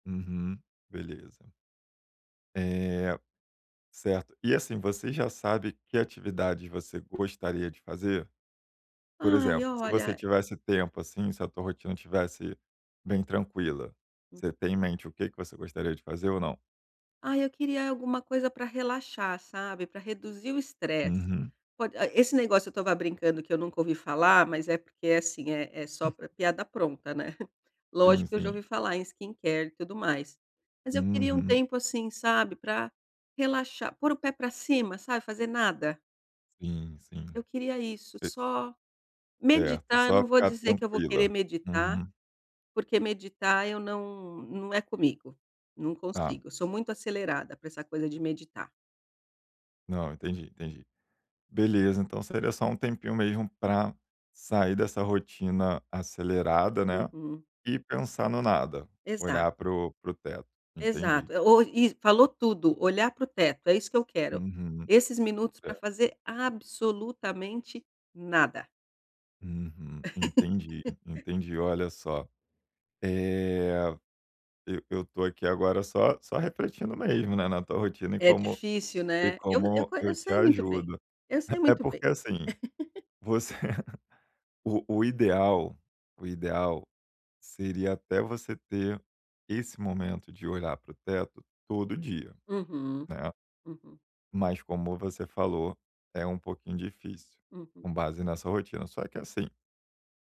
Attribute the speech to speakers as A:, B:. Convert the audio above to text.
A: Uhum, beleza. É, certo. E, assim, você já sabe que atividades você gostaria de fazer? Por
B: Ai,
A: exemplo, se você
B: olha
A: tivesse tempo, assim, se a tua rotina estivesse bem tranquila,
B: Hum.
A: você tem em mente o que que você gostaria de fazer ou não?
B: Ai, eu queria alguma coisa pra relaxar, sabe, pra reduzir o estresse.
A: Uhum.
B: Pod ai, esse negócio eu estava brincando que eu nunca ouvi falar mas é porque, assim, é é só
A: Hum.
B: pra piada pronta, né.
A: Sim,
B: Lógico que eu já
A: sim.
B: ouvi falar em skincare e tudo mais. Mas eu queria um
A: Uhum.
B: tempo, assim, sabe, pra relaxar, pôr o pé pra cima, sabe, fazer nada.
A: Sim, sim,
B: Eu queria isso,
A: e
B: só
A: Certo,
B: meditar. Eu
A: só
B: não vou
A: ficar
B: dizer que eu vou querer
A: tranquila.
B: meditar
A: Uhum.
B: porque meditar, eu não não é comigo, não
A: Tá.
B: consigo, eu sou muito acelerada pra essa coisa de meditar.
A: Não, eu entendi, entendi. Beleza, então seria só um tempinho mesmo pra sair dessa rotina acelerada, né,
B: Uhum.
A: e pensar no nada,
B: Exato.
A: olhar para o para o teto, entendi.
B: Exato, o iss falou tudo, olhar para o teto, é isso que eu quero.
A: Uhum,
B: Esses minutos pra
A: certo.
B: fazer absolutamente nada.
A: Uhum. Entendi, entendi, olha só, eh, eu eu estou aqui agora só só refletindo mesmo, né, na tua rotina e
B: É
A: como
B: difícil,
A: e
B: né? Eu eu
A: como
B: qua eu
A: eu te
B: sei muito bem,
A: ajudo.
B: eu sei
A: É
B: muito bem.
A: porque, assim, você o o ideal o ideal seria até você ter esse momento de olhar para o teto todo dia,
B: Uhum,
A: né?
B: uhum.
A: Mas como você falou, é um pouquinho difícil,
B: Uhum.
A: com base nessa rotina, só que assim